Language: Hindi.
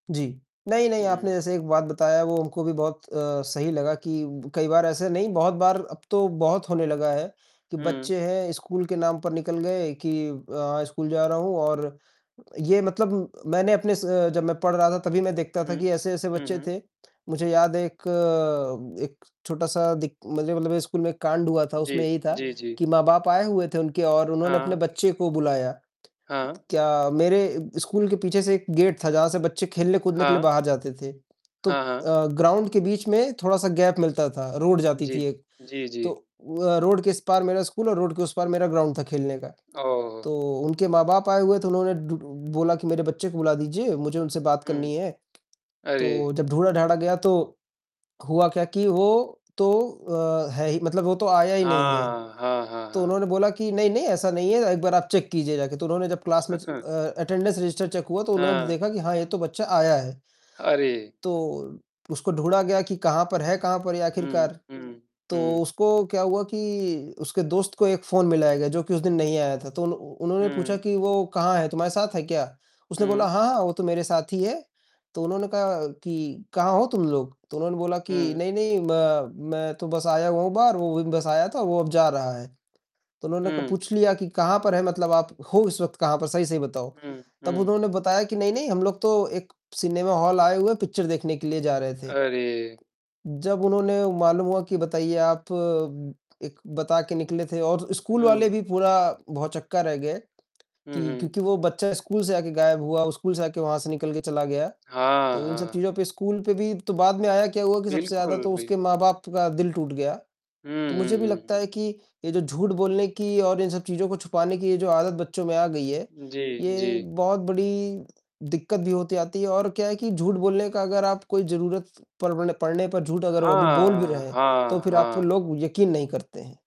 जी। नहीं, उ, नहीं आपने हुँ। जैसे एक बात बताया वो हमको भी बहुत अ, सही लगा कि कई बार ऐसे नहीं बहुत बार अब तो बहुत होने लगा है कि हुँ। बच्चे हैं स्कूल के नाम पर निकल गए कि अ, स्कूल जा रहा हूँ और ये मतलब मैंने अपने से जब मैं पढ़ रहा था तभी मैं देखता था हुँ। कि ऐसे-ऐसे हुँ, बच्चे हुँ। थे। मुझे याद है। एक, एक छोटा-सा दिक मतलब स्कूल में एक कांड हुआ था उसमें जी। यही था जी, जी। कि माँ-बाप आए हुए थे उनके और उन्होंने अपने हाँ। बच्चे को बुलाया। हाँ। क्या मेरे स्कूल के पीछे से एक गेट था जहाँ से बच्चे खेलने कूदने के लिए हाँ। बाहर जाते थे। तो हाँ, हाँ। अ, ग्राउंड के बीच में थोड़ा-सा गैप मिलता था। रोड जाती जी। थी एक जी, तो जी। अ, रोड के इस पार मेरा स्कूल और रोड के उस पार मेरा ग्राउंड था खेलने का। ओहो! तो उनके माँ-बाप आए हुए तो डु उन्होंने बोला कि मेरे बच्चे को बुला दीजिए, मुझे उनसे बात हुँ। करनी है। तो अरे! जब ढूढ़ा-ढांडा गया तो हुआ क्या कि वो तो अ, है ही मतलब वो तो आया ही नहीं है। हाँ। हाँ, हाँ, तो हाँ। उन्होंने बोला कि नहीं-नहीं ऐसा नहीं है एक बार आप चेक कीजिए जाके तो उन्होंने जब क्लास में अ, अटेंडेंस रजिस्टर चेक हुआ तो उन्होंने हाँ। देखा कि हाँ, ये तो बच्चा आया है। अरे! तो उसको ढूढ़ा गया कि कहाँ पर है कहाँ पर ये हुँ, आखिरकार। हुँ, तो हुँ। उसको क्या हुआ कि उसके दोस्त को एक फ़ोन मिलाया गया, जो कि उस दिन नहीं आया था। तो उन्ह उन्होंने पूछा हुँ। कि "वो कहाँ है? तुम्हारे साथ है क्या?" उसने बोला, हुँ। "हाँ, हाँ, वो तो मेरे साथ ही है।" तो उन्होंने कहा कि "कहाँ हो तुम लोग?" तो उन्होंने बोला कि हुँ। नहीं, नहीं म मैं तो बस आया हुआ हूँ बाहर, वो भी बस आया था, वो अब जा रहा है। तो उन्होंने क हुँ। पूछ लिया कि "कहाँ पर है मतलब आप? हो इस वक़्त कहाँ पर सही-सही बताओ?" हुँ। तब हुँ। उन्होंने बताया कि "नहीं, नहीं हम लोग तो एक सिनेमा हाल आए हुए हैं पिक्चर देखने के लिए जा रहे थे।" अरे! जब उन्होंने मालूम हुआ कि बताइए आप एक बता के निकले थे और स्कूल वाले हुँ। भी पूरा भौचक्का रह गए हुँ, की हुँ। क्योंकि वो बच्चा स्कूल से आके गायब हुआ स्कूल से आके वहाँ से निकल के चला गया। हाँ, तो इन सब हाँ। चीज़ों पे स्कूल पे भी तो बाद में आया क्या हुआ कि सबसे ज़्यादा बिल्कुल, तो उसके बिल्कुल। माँ-बाप का दिल टूट गया। हुँ, तो मुझे भी हुँ, हुँ, लगता हुँ। है कि ये जो झूठ बोलने की और इन सब चीज़ों को छुपाने की ये जो आदत बच्चों में आ गई है, जी, ये जी। बहुत बड़ी दिक्कत भी होती आती है और क्या है कि झूठ बोलने का अगर आप कोई ज़रूरत परवण पढ़ने पर झूठ अगर अभी बोल भी हाँ। रहे हैं, तो हाँ, फिर आपको हाँ। लोग यकीन नहीं करते हैं।